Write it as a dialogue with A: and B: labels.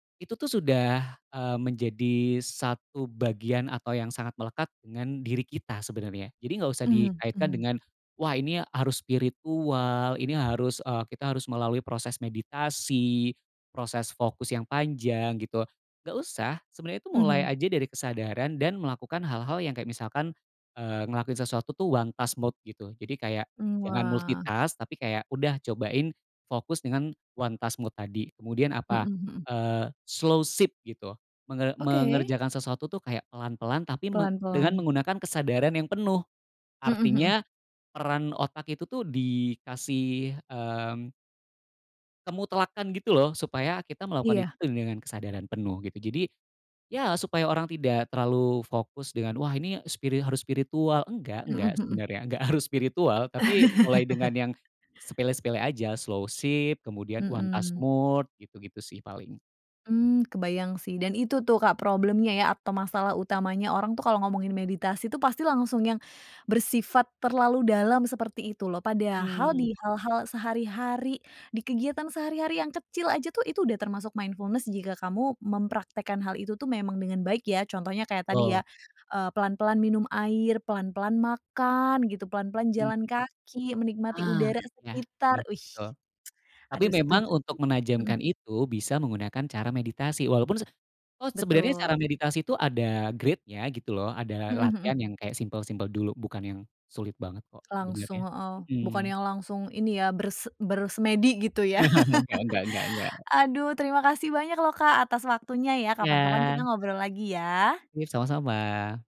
A: Itu tuh sudah, eee, menjadi 1 bagian atau yang sangat melekat dengan diri kita sebenarnya. Jadi nggak usah
B: Mhm
A: dikaitkan
B: mhm.
A: dengan, wah, ini harus spiritual, ini harus eee, kita harus melalui proses meditasi, proses fokus yang panjang gitu. Nggak usah. Sebenernya itu mulai
B: Mhm.
A: aja dari kesadaran dan melakukan hal-hal yang kayak misalkan, eee, ngelakuin sesuatu tuh one task mode gitu. Jadi kayak
B: Mmm,
A: jangan
B: wah.
A: multitask, tapi kayak udah cobain fokus dengan one task mode tadi. Kemudian
B: Mhm
A: apa,
B: mhm.
A: eee, slowship gitu. Menge
B: Oke.
A: mengerjakan sesuatu tuh kayak pelan-pelan tapi me dengan
B: Pelan-pelan.
A: menggunakan kesadaran yang penuh,
B: Mhm mhm.
A: artinya peran otak itu tuh dikasih, mmm kemutlakan gitu loh supaya kita melakukan itu
B: Iya.
A: dengan kesadaran penuh gitu. Jadi ya supaya orang tidak terlalu fokus dengan, wah, ini spiri harus spiritual enggak
B: Mhm
A: enggak
B: mhm.
A: sebenarnya, enggak harus spiritual, tapi mulai dengan yang sepele-sepele aja, slowship, kemudian one task
B: Mhm.
A: mode, gitu-gitu sih paling.
B: Hmm, kebayang sih dan itu tuh, Kak, problemnya ya atau masalah utamanya orang tuh kalau ngomongin meditasi pasti langsung yang bersifat terlalu dalam seperti itu loh. Padahal
A: Mhm.
B: di hal-hal sehari-hari, di kegiatan sehari-hari yang kecil aja tuh itu udah termasuk mindfulness jika kamu mempraktekkan hal itu tuh memang dengan baik ya. Contohnya kayak tadi
A: Tul.
B: ya, eee, pelan-pelan minum air, pelan-pelan makan gitu, pelan-pelan
A: Mhm
B: jalan
A: mhm.
B: kaki, menikmati
A: Ah,
B: udara
A: iya,
B: sekitar,
A: bener,
B: wih.
A: betul. Tapi
B: Aduh
A: memang
B: setuju
A: untuk
B: setuju, mhm.
A: menajamkan itu bisa menggunakan cara meditasi, walaupun se walaupun sebenarnya cara
B: Betul.
A: meditasi itu ada grade-nya gitu loh. Ada
B: Mhm mhm.
A: latihan yang kayak simple-simple dulu, bukan yang sulit banget kok sebenernya.
B: Langsung heeh, bukan
A: Mhm.
B: yang langsung ini ya, berse bersemedi gitu ya.
A: Nggak nggak nggak nggak.
B: Aduh terima kasih banyak lho, Kak, atas waktunya ya, kapan-kapan kita
A: Iya.
B: ngobrol lagi ya!
A: Oke, sama-sama!